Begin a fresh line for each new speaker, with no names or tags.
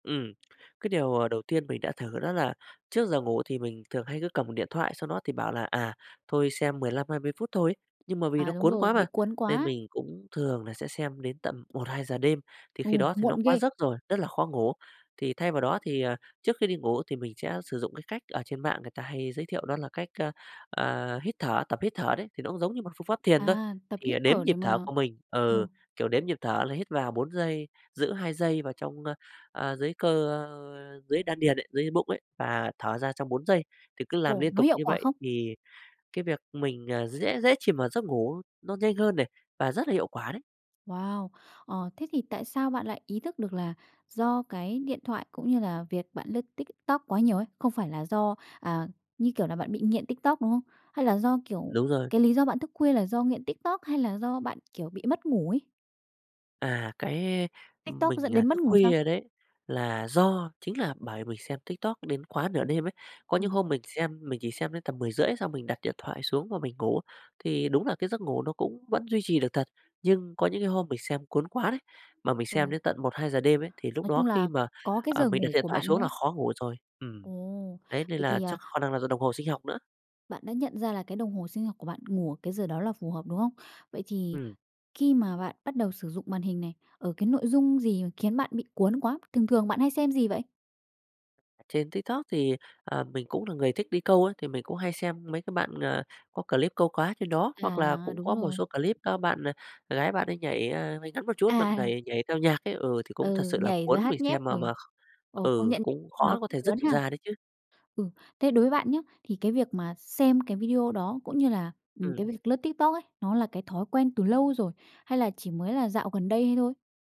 Ừm, cái điều, à, đầu tiên mình đã thử đó là trước giờ ngủ thì mình thường hay cứ cầm điện thoại sau đó thì bảo là, à, thôi xem 15, 20 phút thôi ấy, nhưng mà vì nó
À, đúng
cuốn
rồi,
quá mà,
bị cuốn
nên
quá.
mình cũng thường là sẽ xem đến tầm 1:00, 2:00 đêm, thì khi
Ừm,
đó thì nó
muộn
quá
ghê.
giấc rồi, rất là khó ngủ. Thì thay vào đó thì, à, trước khi đi ngủ thì mình sẽ sử dụng cái cách ở trên mạng người ta hay giới thiệu đó là cách, a, à, hít thở, tập hít thở đấy, thì nó cũng giống như một phương pháp thiền thôi,
À, tập
thì, à,
hít
đếm
thở
nhịp
để mà
thở của mình, ừ,
ồ.
kiểu, đếm nhịp thở là hít vào 4 giây, giữ 2 giây vào trong a, à, dưới cơ dưới đan điền ấy, dưới bụng ấy và thở ra trong 4 giây, thì cứ làm
Ồ,
liên
nó
tục
hiệu
như
quả
vậy
không?
thì cái việc mình, à, sẽ dễ chìm vào giấc ngủ nó nhanh hơn này, và rất là hiệu quả đấy.
Wow! Ờ, thế thì tại sao bạn lại ý thức được là do cái điện thoại cũng như là việc bạn lướt TikTok quá nhiều ấy, không phải là do, à, như kiểu là, bạn bị nghiện TikTok, đúng không? Hay là do, kiểu,
Đúng rồi.
cái lý do bạn thức khuya là do nghiện TikTok hay là do bạn, kiểu, bị mất ngủ ấy?
À, cái
TikTok dẫn
mình, à,
đến mất
thức
ngủ sao?
khuya đấy là do chính là bởi mình xem TikTok đến quá nửa đêm ấy. Có những
Ừm.
hôm mình xem mình chỉ xem đến tầm 10:30 xong mình đặt điện thoại xuống và mình ngủ, thì đúng là cái giấc ngủ nó cũng vẫn duy trì được thật, nhưng có những cái hôm mình xem cuốn quá đấy, mà mình xem
Ừm.
đến tận 1:00, 2:00 đêm ấy, thì lúc
Nói
đó
chung
khi
là
mà,
có cái
à,
giờ
mình à đặt
ngủ
điện
của
thoại
bạn,
xuống
đúng
là
không?
khó ngủ rồi. Ừm,
Ồ!
đấy, nên
Vậy
là
thì
chắc
à
khả năng là do đồng hồ sinh học nữa.
Bạn đã nhận ra là cái đồng hồ sinh học của bạn ngủ ở cái giờ đó là phù hợp, đúng không? Vậy thì
Ừm.
khi mà bạn bắt đầu sử dụng màn hình này, ở cái nội dung gì khiến bạn bị cuốn quá, thường thường bạn hay xem gì vậy?
À, trên TikTok thì, à, mình cũng là người thích đi câu ấy, thì mình cũng hay xem mấy cái bạn, à, có clip câu cá trên đó, hoặc là
À,
cũng
đúng
có một
rồi.
số clip các bạn, à, gái bạn ấy nhảy, à, váy ngắn một chút, bạn
À.
nẩy nhảy theo nhạc ấy, ừ, thì cũng thật
Ừ,
sự là
nhảy rồi
cuốn mình
hát nhép,
xem mà
ừ,
mà kh
ồ, công
ừ,
nhận
cũng khó
nó
có
cũng
thể dứt
cuốn
được
ha.
ra đấy chứ.
Ừ, thế đối với bạn nhá, thì cái việc mà xem cái video đó cũng như là, ừm,
Ừm.
cái việc lướt TikTok ấy, nó là cái thói quen từ lâu rồi, hay là chỉ mới là dạo gần đây thôi?